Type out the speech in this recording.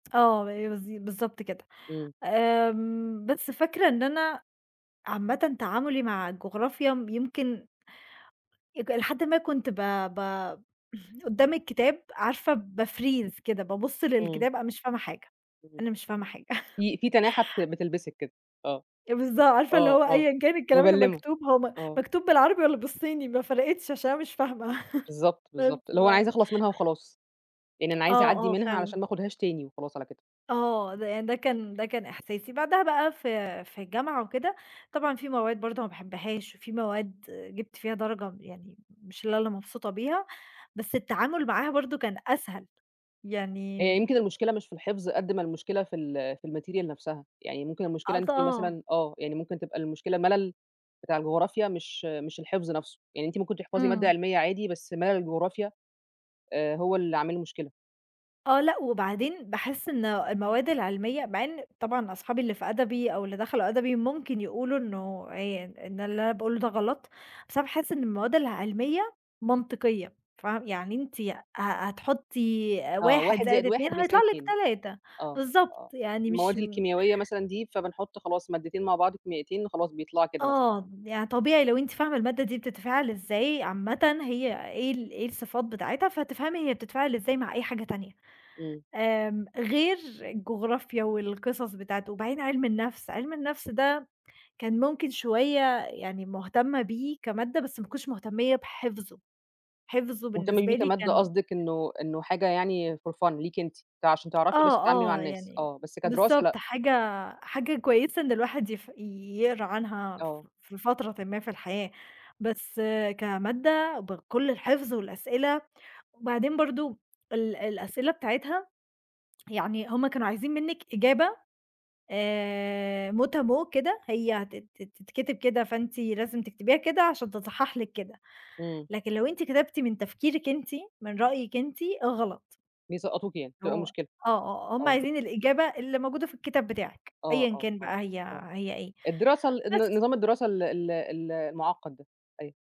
آه ب بالض بالضبط كده. إمم. آمم بس فاكرة إن أنا عامةً تعاملي مع الجغرافيا م يمكن اك إلى حد ما كنت ب ب قدام الكتاب عارفة باfreeze كده. بابص إمم. للكتاب، أنا مش فاهمة حاجة، إمم. أنا مش فاهمة حاجة في في تناحة بت بتلبِسِك كده. آه. بالضا عارفة اللي آه هو آه. أيًا كان الكلام اللي مبلّمة. مكتوب، هو م آه. مكتوب بالعربي، والّا بالصيني، ما فرقِتش عشان أنا مش فاهمة بالضبط، بالضبط. اللي هو عايزة [unintelligible] اخلَص منها وخلاص. يعني أنا عايزة آه، اعدّي آه، منها، علشان فعلًا. ما اخدهاش تاني وخلاص على كده. آه. ده يع ده كان ده كان إحساسي. بعدها بقى في في الجامعة وكده، طبعًا في مواد برضه ما باحبهاش، وفي مواد جِبت فيها درجة يعني مش لا اللي مبسوطة بيها، بس التعامل معاها برضه كان أسهل يعني هي م يمكن المشكلة مش في الحفظ، قد ما المشكلة في ال في ال material نفْسها. يعني ممكن المشكلة إن أنتِ [unintelligible] مثلًا آه، يعني ممكن تبقى المشكلة ملل بتاع الجغرافيا مش مش الحفظ نفْسه. يعني أنتِ ممكن تحفظي مادة إمم. علمية عادي، بس ملل الجغرافيا، آآ هو اللي عامل مشكلة. آه، لأ. وبعدين باحس إن المواد العلمية مع إن طبعًا أصحابي اللي في أدبي، أو اللي دخلوا أدبي، ممكن يقولوا إنه آآ إن اللي أنا باقوله ده غلط، بس أنا باحس إن المواد العلمية منطقية فاه يعني أنتِ ه هتحطّي آه، 1 1 زائد زائد 2 1 هيطلع بيساوي لِك 2 3 آه. بالضبط، آه. يعني مش المواد م الكيمياوية مثلًا دي، فبنحُط خلاص مادتين مع بعض كيميائيتين، خلاص بيطلَعوا كده مثلًا. آه. يعني طبيعي لو أنتِ فاهمة المادة دي بتتفاعل إزاي عامةً هي إيه ال إيه الصفات بتاعتها، فتفهمي هي بتتفاعل إزاي مع أي حاجة تانية. إمم. آمم غير الجغرافيا، والقصص بتاعته. وبعدين عِلم النفْس، عِلم النفْس ده كان ممكن شوية يعني مهتمة بيه كمادة، بس ما كنتش مهتمية بحَفظُه. حَفظُه مهتمة بالنسبة بيه لي كمادة كان قصدِك، إنه إنه حاجة يعني for fun ليكِ أنتِ ت عشان تعرفي بس آه، تتعاملي مع آه. الناس. يعني آه، بس كدراسة بالضبط لأ. حاجة حاجة كويسة إن الواحد يف يقرا عنها آه. ف في فترةٍ ما في الحياة. بس كمادة بكل الحفظ والأسئلة، وبعدين برضه ال الأسئلة بتاعتها يعني هم كانوا عايزين منِّك إجابة آآ Mot à mot كده. هي هتت تتكتب كده، فأنتِ لازم تكتبيها كده، عشان تتصحح لِك كده. إمم. لكن لو أنتِ كتبتِ من تفكيرِك أنتِ، من رأيِِك أنتِ، غلط. بيسقّطوكِ يعني، تبقى هو مشكلة. آه، آه. هم آه. عايزين الإجابة اللي موجودة في الكتاب بتاعِك. آه، أيًا آه، كان آه، بقى هي آه. هي إيه. الدراسة ال الن بس. نظام الدراسة ال ال ال المُعقّد ده. أيوه.